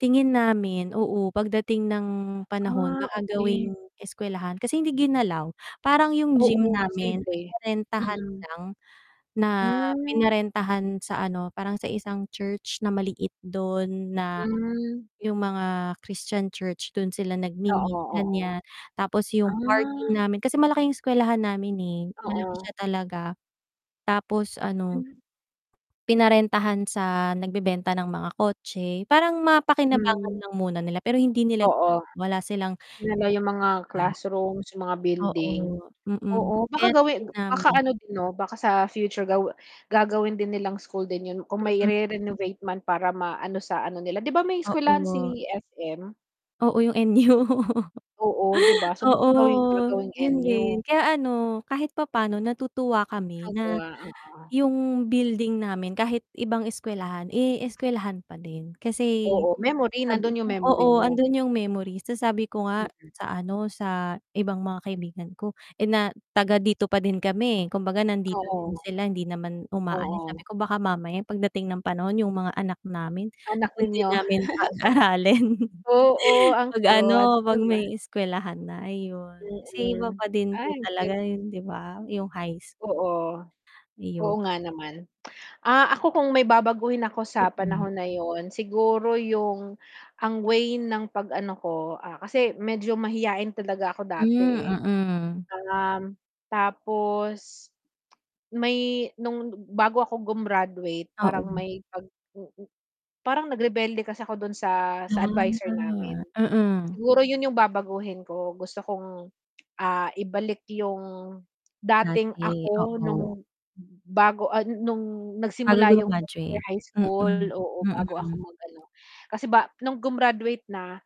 Tingin namin oo, pagdating ng panahon Ah, baka gawing okey. eskwelahan kasi hindi ginalaw parang yung gym Oo, namin posible, pinarentahan mm. lang na Hmm. pinarentahan sa ano parang sa isang church na maliit dun na Hmm. yung mga Christian church dun sila Oo, nag-mi-meet gan'yan. oo, Tapos yung ah. parking namin kasi malaki yung eskwelahan namin, eh, malaki Oo. siya talaga tapos ano Hmm. Pinarentahan sa nagbebenta ng mga kotse, parang mapakinabangan Hmm. lang muna nila pero hindi nila Oo, wala silang, dinala yung mga ah classrooms yung mga Oo, building, mm, oo baka kaya tingin gawin baka namin. ano din 'no baka sa future ga gagawin din nilang school din yun kung may Mm. i-renovate man para maano sa ano nila diba may eskwelahan Oo. si SM? Oo, yung NU Oo, 'di ba so maka oo, gawing gagawing 'yon din NU. kaya ano kahit papaano natutuwa kami Ah, na oo. yung building namin kahit ibang eskuwelahan, eh, eskuwelahan pa din kasi Oo, memory sabi nandun yung ko memory oo niyo. andun yung memories. So, sabi ko nga Mm. sa ano sa ibang mga kaibigan ko, eh, na taga dito pa din kami kumbaga nandito din Oo. sila hindi naman umaalis sabi Oo. ko baka mamaya pagdating ng panahon yung mga anak namin Anak dun din ninyo, namin pag-aralin. oo, ang Pag cute ano, 'di pag ba? may eskuwelahan na ayun, kasi iba Mm, pa din po ay cute. talaga 'yon 'di ba yung high. Oo, Ayun. oo nga naman, ah, ako kung may babaguhin ako sa Mm. panahon na 'yon siguro yung ang way ng pag ano ko, ah, kasi medyo mahiyain talaga ako dati, Hmm, eh. mm. Um, tapos may nung bago ako grumaduate parang Oo. may pag, mm, parang nag-rebelde kasi ako do'n sa, sa adviser namin. Ah, mm. Siguro 'yon yung babaguhin ko gusto kong, ah, ibalik yung dating Dati, ako oo. nung bago, ah, nung Bago nagsimula yung 4th grumaduate, year high mm, school, oo bago ako mm. mag-ano kasi ba nung grumaduate na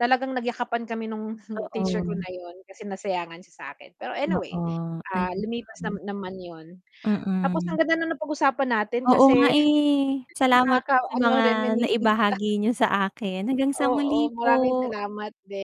talagang nagyakapan kami nung teacher ko Oo. na 'yon kasi nasayangan siya sa akin. Pero anyway, Oo ah, ayun. lumipas na naman 'yon, tapos ang Mm. ganda ang napag-usapan natin Oo nga, kasi eh, salamat nakaka sa ano mga reminiscing. naibahagi niyo sa akin hanggang sa muli Oo, maraming po. salamat din.